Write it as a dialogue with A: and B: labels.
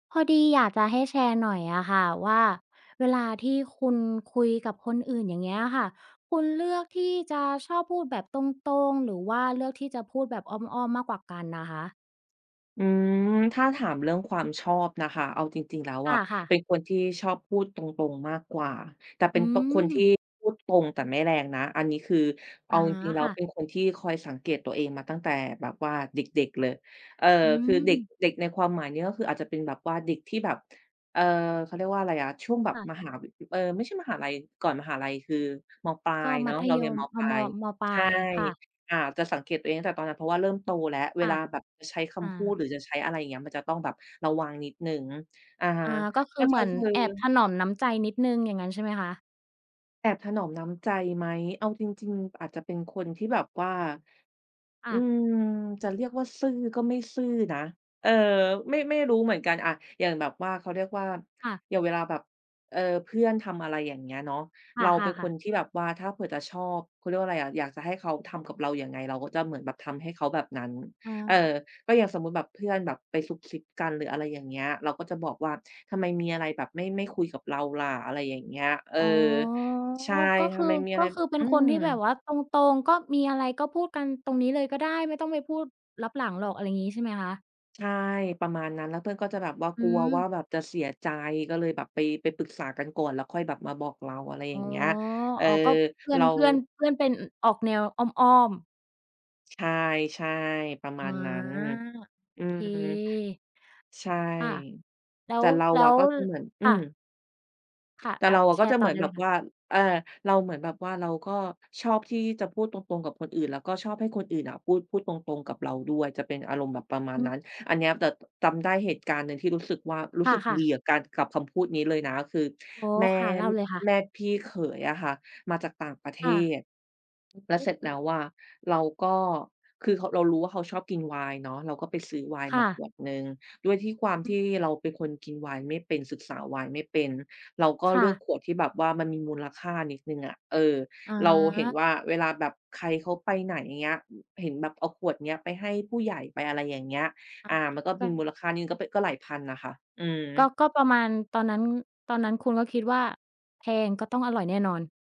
A: พอดีอยากจะให้แชร์หน่อยอะค่ะว่าเวลาที่คุณคุยกับคนอื่น อย่างเงี้ยอะค่ะ คุณเลือกที่จะชอบพูดแบบตรง ๆ หรือว่าเลือกที่จะพูดแบบอ้อม ๆ มากกว่ากันอะคะ?
B: อืม ถ้าถามเรื่องความชอบนะคะ เอาจริง ๆ แล้ว
A: ค
B: อะ
A: ่ะ
B: เป
A: ๆ
B: ็นคนที่ชอบพูดตรง ๆ มากกว่า แต่เป
A: อ
B: ็
A: ื
B: นตรง คนที่
A: ม
B: พูดตรงแต่ไม่แรงนะ อันนี้คือเ
A: อ
B: อา
A: า
B: จริง ๆ แล้
A: ค
B: ว
A: ่ะ
B: เป็นคนที่คอยสังเกตตัวเองมาตั้งแต่แบบว่าเด็ก ๆ เลย เอ่อ
A: อื
B: คือเด็ก
A: ม
B: เด็กในความหมายนี้ก็คืออาจจะเป็นแบบว่าเด็กที่แบบ เอ่อ เขาเรียกว่าอะไรอะ ช่วงแบบ
A: ค่ะ
B: มหาวิ เออ ไม่ใช่มหาลัย ก่อนมหาลัยคือ ม.ปลา
A: ก็
B: ยเ
A: ม
B: นา
A: ั
B: ะ
A: ธ
B: เรา
A: ย
B: เรียน
A: ม
B: ม.
A: อ
B: ป
A: า
B: ลา
A: มอ
B: ย
A: ม.ป
B: ใ
A: ล
B: ช่
A: าย ค่ะ
B: อ่า จะสังเกตตัวเองตั้งแต่ตอนนั้น เพราะว่าเริ่มโตแล้ว เ
A: ค
B: ว
A: ่
B: ล
A: ะ
B: าแบบจะใช้ค
A: อ
B: ำพูด
A: า
B: หรือจะใช้อะไรอย่างเงี้ย มันจะต้องแบบระวังนิดหนึ่ง อะฮ
A: อ
B: ะ
A: า ก็ค
B: ก
A: ื
B: ็
A: อเ
B: จ
A: ห
B: ะ
A: มือน
B: คือ
A: แอบถนอมน้ำใจนิดหนึ่ง อย่างงั้นใช่ไหมคะ?
B: แอบถนอมน้ำใจไหม เอาจริง ๆ อาจจะเป็นคนที่แบบว่า
A: อ
B: อื
A: า
B: ม จะเรียกว่าซื่อก็ไม่ซื่อนะ เออ ไม่ ไม่รู้เหมือนกัน อา อย่างแบบว่า เขาเรียกว่า
A: ค่ะ
B: อย่างเวลาแบบ เออ เพื่อนทำอะไรอย่างเงี้ยเนาะ
A: ค
B: เราเป
A: ่
B: ็นค
A: ะ
B: น
A: ๆ ๆ
B: ที่แบบว่าถ้าเผื่อจะชอบ เขาเรียกว่าอะไรอะ อยากจะให้เขาทำกับเรายังไง เราก็จะเหมือนแบบทำให้เขาแบบนั้น
A: อ๋
B: เออ
A: อ
B: ก็อย่างสมมุติแบบเพื่อนแบบไปซุบซิบกัน หรืออะไรอย่างเงี้ย เราก็จะบอกว่า "ทำไมมีอะไรแบบไม่ ไม่คุยกับเราล่ะ" อะไรอย่างเงี้ย เออ
A: อ๋อ
B: ใช่
A: ก็
B: "ท
A: ค
B: ำ
A: ือ
B: ไมมีอะ
A: ก
B: ไ
A: ็
B: ร"
A: คือเป็
B: อ
A: น
B: ื
A: คนที่แบบ
B: ม
A: ว่าตรง ๆ ก็มีอะไรก็พูดกันตรงนี้เลยก็ได้ไม่ต้องไปพูดลับหลังหรอก อะไรอย่างงี้ใช่ไหมคะ?
B: ใช่ ประมาณนั้น แล้วเพื่อนก็จะแบบว่า
A: อื
B: กลัวว่
A: ม
B: าแบบจะเสียใจ ก็เลยแบบไป ไปปรึกษากันก่อน แล้วค่อยแบบมาบอกเรา อะไรอย
A: อ๋
B: ่
A: อ
B: างเงี้ย เออ
A: อ๋อ ก็เพื่
B: เ
A: อ
B: ร
A: น
B: า
A: เพื่อน เพื่อนเป็น ออกแนวอ้อม ๆ
B: ใช่ ๆ ประม
A: อ
B: า
A: า
B: ณนั้น
A: โอ
B: อื
A: เค
B: ม ใช่
A: ค่ะ แล้
B: แต
A: ว
B: ่เรา
A: แล้
B: อะ
A: ว
B: ก็จะเหมือน อ
A: ค
B: ื
A: ่
B: อ
A: ะ ค่ะ
B: แต่
A: อา
B: เรา
A: แช
B: ก็
A: ร
B: จะ
A: ์
B: เ
A: ต
B: ห
A: ่
B: ม
A: อ
B: ือ
A: ไ
B: น
A: ด้
B: แบ
A: เล
B: บ
A: ยค่ะ
B: ว่า อา เราเหมือนแบบว่า เราก็ชอบที่จะพูดตรง ๆ กับคนอื่น แล้วก็ชอบให้คนอื่นอะพูด พูดตรง ๆ กับเราด้วย จะเป็นอารมณ์แบบประมาณ
A: อื
B: น
A: อ
B: ั้น อันเนี้ย แต่จำได้เหตุการณ์หนึ่งที่รู้สึกว่า รู้
A: ค
B: สึก
A: ่ะ
B: ดี
A: ๆ
B: กับการ กับคำพูดนี้เลยนะคือ
A: อ๋อ
B: แม่
A: ค่ะ เล่าเลยค่ะ
B: แม่พี่เขยอะค่ะมาจากต่างประเ
A: ค
B: ท
A: ่ะ
B: ศ แล
A: โ
B: ้
A: อ
B: วเสร็จแล้
A: ้
B: วอะ เราก็ คือเขา เรารู้ว่าเขาชอบกินไวน์เนาะ เราก็ไปซื้อไวน์
A: ค
B: ม
A: ่
B: าข
A: ะ
B: วดหนึ่ง ด้วยความ
A: อ
B: ท
A: ือ
B: ี่เราเป็นคนกินไวน์ไม่เป็น ศึกษาไวน์ไม่เป็น เราก็
A: ค
B: เ
A: ่
B: ลือก
A: ะ
B: ขวดที่แบบว่ามันมีมูลค่านิดหนึ่งอะ เออ
A: อ
B: เราเห็นว
A: า
B: ่าเวลาแบบใครเขาไปไหน อย่างเงี้ย เห็นแบบเอาขวดเนี้ยไปให้ผู้ใหญ่ ไปอะไรอย่างเงี้ย
A: อา
B: อ่า มันก็
A: ก
B: ม
A: ั
B: ีม
A: น
B: ูลค่านิดหนึ่ง ก็ ป ก็หลายพันน่ะค่ะ อืม
A: ก็ ก็ประมาณตอนนั้น ตอนนั้นคุณก็คิดว่าแพงก็ต้องอร่อยแน่นอน